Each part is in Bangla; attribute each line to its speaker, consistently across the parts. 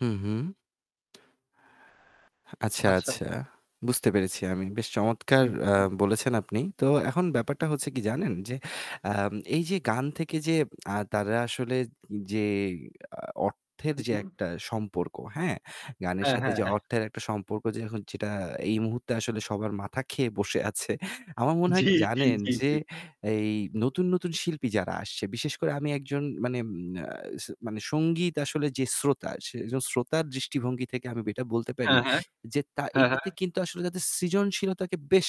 Speaker 1: হু, হু। আচ্ছা,
Speaker 2: আচ্ছা।
Speaker 1: আচ্ছা। বুঝতে পেরেছি আমি। বেশ চমৎকার আ
Speaker 2: হু-হু।
Speaker 1: বলেছেন আপনি। তো এখন ব্যাপারটা
Speaker 2: হুম।
Speaker 1: হচ্ছে কি জানেন যে, আ এই যে গান থেকে যে আ তারা আসলে যে আ অর্থের
Speaker 2: হু,
Speaker 1: যে
Speaker 2: হুম।
Speaker 1: একটা সম্পর্ক, হ্যাঁ? গানের
Speaker 2: হ্যাঁ,
Speaker 1: সাথে
Speaker 2: হ্যাঁ,
Speaker 1: যে
Speaker 2: হ্যাঁ।
Speaker 1: অর্থের একটা সম্পর্ক যে এখন যেটা আ এই মুহূর্তে আসলে সবার মাথা খেয়ে বসে আছে। আমার মনে হয়
Speaker 2: জী,
Speaker 1: কি
Speaker 2: জী,
Speaker 1: জানেন
Speaker 2: জী,
Speaker 1: যে,
Speaker 2: জী।
Speaker 1: এই নতুন, নতুন শিল্পী যারা আসছে, বিশেষ করে আমি একজন, মানে আ স মানে সঙ্গীত আসলে যে শ্রোতা, সে একজন শ্রোতার দৃষ্টিভঙ্গি থেকে আমি এটা বলতে পারি
Speaker 2: হ্যাঁ, হ্যাঁ।
Speaker 1: যে, তা
Speaker 2: হ্যাঁ, হ্যাঁ।
Speaker 1: এটাতে কিন্তু আসলে তাদের সৃজনশীলতাকে বেশ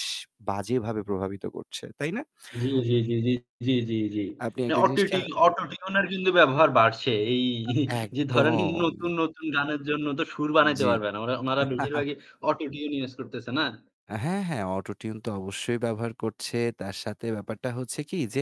Speaker 1: বাজেভাবে প্রভাবিত করছে, তাই না?
Speaker 2: জী, জী, জী, জী, জী, জী, জী।
Speaker 1: আপনি
Speaker 2: না,
Speaker 1: একটা জিনিস খেয়া
Speaker 2: অটোটিউন অটোটিউনের কিন্তু ব্যবহার বাড়ছে। এই যে ধরেন
Speaker 1: একদম।
Speaker 2: নতুন, নতুন গানের জন্য তো সুর বানাইতে
Speaker 1: জী।
Speaker 2: পারবে না। ওঁরা ওঁনারা বেশিরভাগই অটোটিউন ইউজ করতেছে না?
Speaker 1: অ্যা হ্যাঁ, হ্যাঁ অটোটিউন তো অবশ্যই ব্যবহার করছে। তার সাথে ব্যাপারটা হচ্ছে কি যে,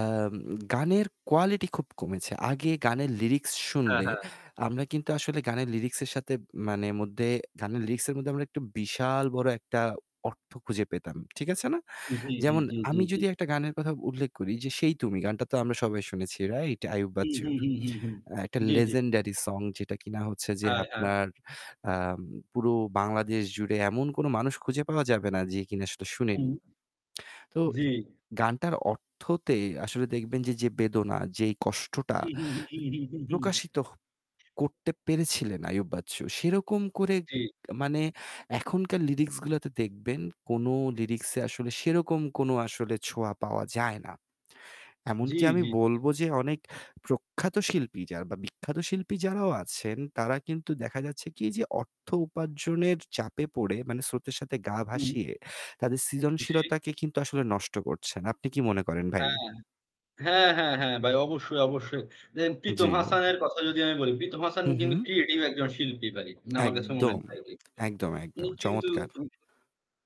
Speaker 1: আম গানের কোয়ালিটি খুব কমেছে। আগে গানের লিরিক্স
Speaker 2: হ্যাঁ,
Speaker 1: শুনলে,
Speaker 2: হ্যাঁ।
Speaker 1: আমরা কিন্তু আসলে গানের লিরিক্সের সাথে মানে মধ্যে গানের লিরিক্সের মধ্যে আমরা একটা বিশাল বড় একটা অর্থ খুঁজে পেতাম। ঠিক আছে না?
Speaker 2: জী, জী,
Speaker 1: যেমন,
Speaker 2: জী, জী,
Speaker 1: আমি
Speaker 2: জী।
Speaker 1: যদি একটা গানের কথা উল্লেখ করি যে 'সেই তুমি', গানটা তো আমরা সবাই শুনেছি, রাইট? আইয়ুব
Speaker 2: হুম, হুম,
Speaker 1: বাচ্চুর।
Speaker 2: হুম, হুম, হুম।
Speaker 1: একটা
Speaker 2: জী, জী।
Speaker 1: লেজেন্ডারি সং যেটা কিনা হচ্ছে যে
Speaker 2: হ্যাঁ, হ্যাঁ।
Speaker 1: আপনার আম পুরো বাংলাদেশ জুড়ে এমন কোনো মানুষ খুঁজে পাওয়া যাবে না যে কিনা সেটা
Speaker 2: হুম,
Speaker 1: শুনেনি। তো,
Speaker 2: জী।
Speaker 1: গানটার অর্থতে আসলে দেখবেন যে, যে বেদনা, যেই কষ্টটা প্রকাশিত হ করতে পেরেছিলেন আইয়ুব বাচ্চু, সেরকম করে
Speaker 2: জী।
Speaker 1: মানে, এখনকার লিরিক্সগুলোতে দেখবেন, কোনো লিরিক্স আসলে সেরকম কোনো আসলে ছোঁয়া পাওয়া যায় না।
Speaker 2: জী,
Speaker 1: এমনকি
Speaker 2: জী,
Speaker 1: আমি
Speaker 2: জি।
Speaker 1: বলবো যে, অনেক প্রখ্যাত শিল্পী যারা, বা বিখ্যাত শিল্পী যারাও আছেন, তারা কিন্তু দেখা যাচ্ছে কি যে অর্থ উপার্জনের চাপে পড়ে, মানে স্রোতের সাথে গা
Speaker 2: হুম।
Speaker 1: ভাসিয়ে তাদের
Speaker 2: জী।
Speaker 1: সৃজনশীলতাকে কিন্তু আসলে নষ্ট করছেন। আপনি কী মনে করেন ভাই?
Speaker 2: হ্যাঁ। হ্যাঁ, হ্যাঁ, হ্যাঁ ভাই। অবশ্যই, অবশ্যই। দেখেন প্রীতম
Speaker 1: জী।
Speaker 2: হাসানের কথা যদি আমি বলি, প্রীতম হাসান
Speaker 1: হু,
Speaker 2: কিন্তু
Speaker 1: হু।
Speaker 2: ক্রিয়েটিভ একজন শিল্পী ভাই। না, আমার কাছে মনে
Speaker 1: একদম।
Speaker 2: হয়নি ভাইটি।
Speaker 1: একদম,
Speaker 2: ও
Speaker 1: একদম
Speaker 2: কিন্তু,
Speaker 1: চমৎকার।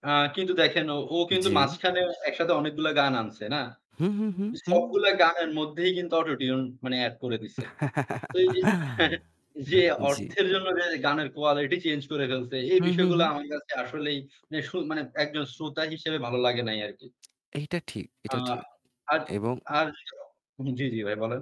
Speaker 2: আ কিন্তু দেখেন, ও ও কিন্তু
Speaker 1: জী।
Speaker 2: মাঝখানে একসাথে অনেকগুলা গান আনসে, না?
Speaker 1: হু, হু, হু, হু।
Speaker 2: সবগুলো গানের মধ্যেই কিন্তু অটোটিউন, মানে অ্যাড করে দিসে। তো এই যে, হ্যাঁ হ্যাঁ যে
Speaker 1: জী।
Speaker 2: অর্থের জন্য এর গানের কোয়ালিটি চেঞ্জ করে ফেলসে, এই
Speaker 1: হু, হু,
Speaker 2: বিষয়গুলা
Speaker 1: হু।
Speaker 2: আমার কাছে আসলেই, মানে শুন মানে একজন শ্রোতা হিসেবে ভালো লাগে নাই আরকি।
Speaker 1: এইটা ঠিক,
Speaker 2: আ
Speaker 1: এটা ঠিক
Speaker 2: আর
Speaker 1: এবং
Speaker 2: আর, জী জী ভাই, বলেন।